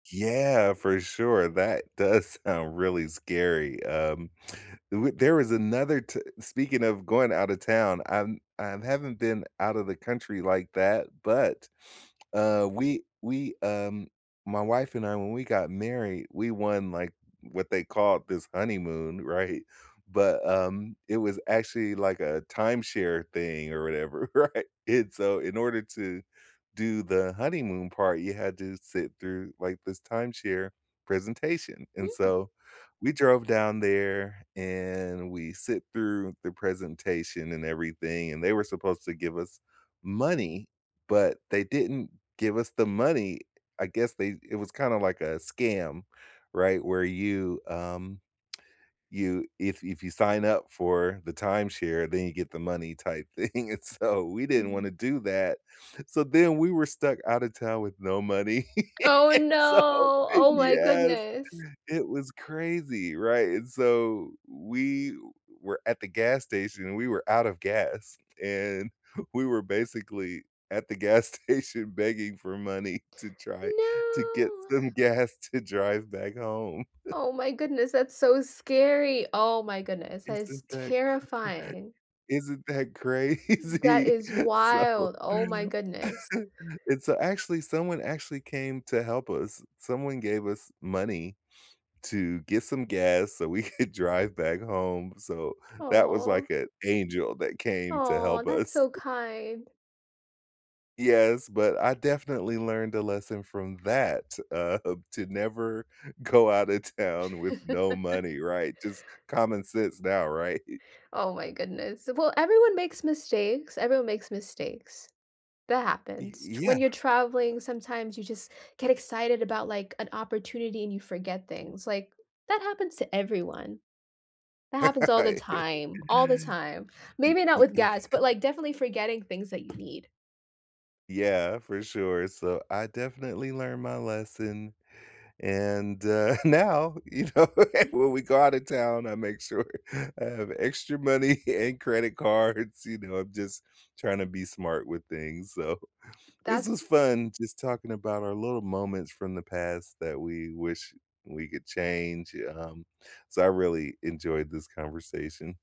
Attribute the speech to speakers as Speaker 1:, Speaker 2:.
Speaker 1: Yeah, for sure. That does sound really scary. Um, uh, there was another t speaking of going out of town, I'm I haven't been out of the country like that, but, uh, we we, um, my wife and I, when we got married, we won, like, what they called this honeymoon, right? But, um, it was actually, like, a timeshare thing or whatever, right? And so, in order to do the honeymoon part, you had to sit through, like, this timeshare presentation, and
Speaker 2: Mm.
Speaker 1: so, we drove down there, and we sit through the presentation and everything, and they were supposed to give us money, but they didn't give us the money. I guess they it was kinda like a scam, right, where you, um, you if if you sign up for the timeshare, then you get the money type thing, and so, we didn't wanna
Speaker 2: Mhm.
Speaker 1: do that. So then, we were stuck outta town with no money.
Speaker 2: Oh,
Speaker 1: So,
Speaker 2: no! Oh, my
Speaker 1: yes!
Speaker 2: goodness.
Speaker 1: It was crazy, right? And so we were at the gas station, we were out of gas, and we were basically at the gas station begging for money to try to get
Speaker 2: No.
Speaker 1: some gas to drive back home.
Speaker 2: Oh my goodness. That's so scary. Oh my goodness. That is
Speaker 1: Isn't that cra
Speaker 2: terrifying.
Speaker 1: isn't that
Speaker 2: That
Speaker 1: crazy?
Speaker 2: is
Speaker 1: So,
Speaker 2: wild! Oh my goodness.
Speaker 1: and so actually, someone actually came to help us. Someone gave us money to get some gas so we could drive back home. So that was
Speaker 2: Aw.
Speaker 1: like an angel that came to
Speaker 2: Aw,
Speaker 1: help
Speaker 2: that's
Speaker 1: us.
Speaker 2: so kind.
Speaker 1: Yes. But I definitely learned a lesson from that. Uh, to never go outta town with no money, right? Just common sense now, right?
Speaker 2: Oh my goodness. Well, everyone makes mistakes. Everyone makes mistakes. That
Speaker 1: Y
Speaker 2: happens. T
Speaker 1: yeah.
Speaker 2: when you're traveling, sometimes you just get excited about, like, an opportunity and you forget things, like, that happens to everyone. That happens all the time. All the time.
Speaker 1: Ye
Speaker 2: Maybe not
Speaker 1: ye
Speaker 2: with
Speaker 1: eh
Speaker 2: gas, but, like, definitely forgetting things that you need.
Speaker 1: Yeah. For sure. So, I definitely learned my lesson, and, uh, now, you know, when we go outta town, I make sure I have extra money and credit cards. You know, I'm just tryna be smart with things. So this
Speaker 2: That's
Speaker 1: was fun just talking about our little moments from the past that we wish we could change, yeah, uh-hum, so I really enjoyed this conversation.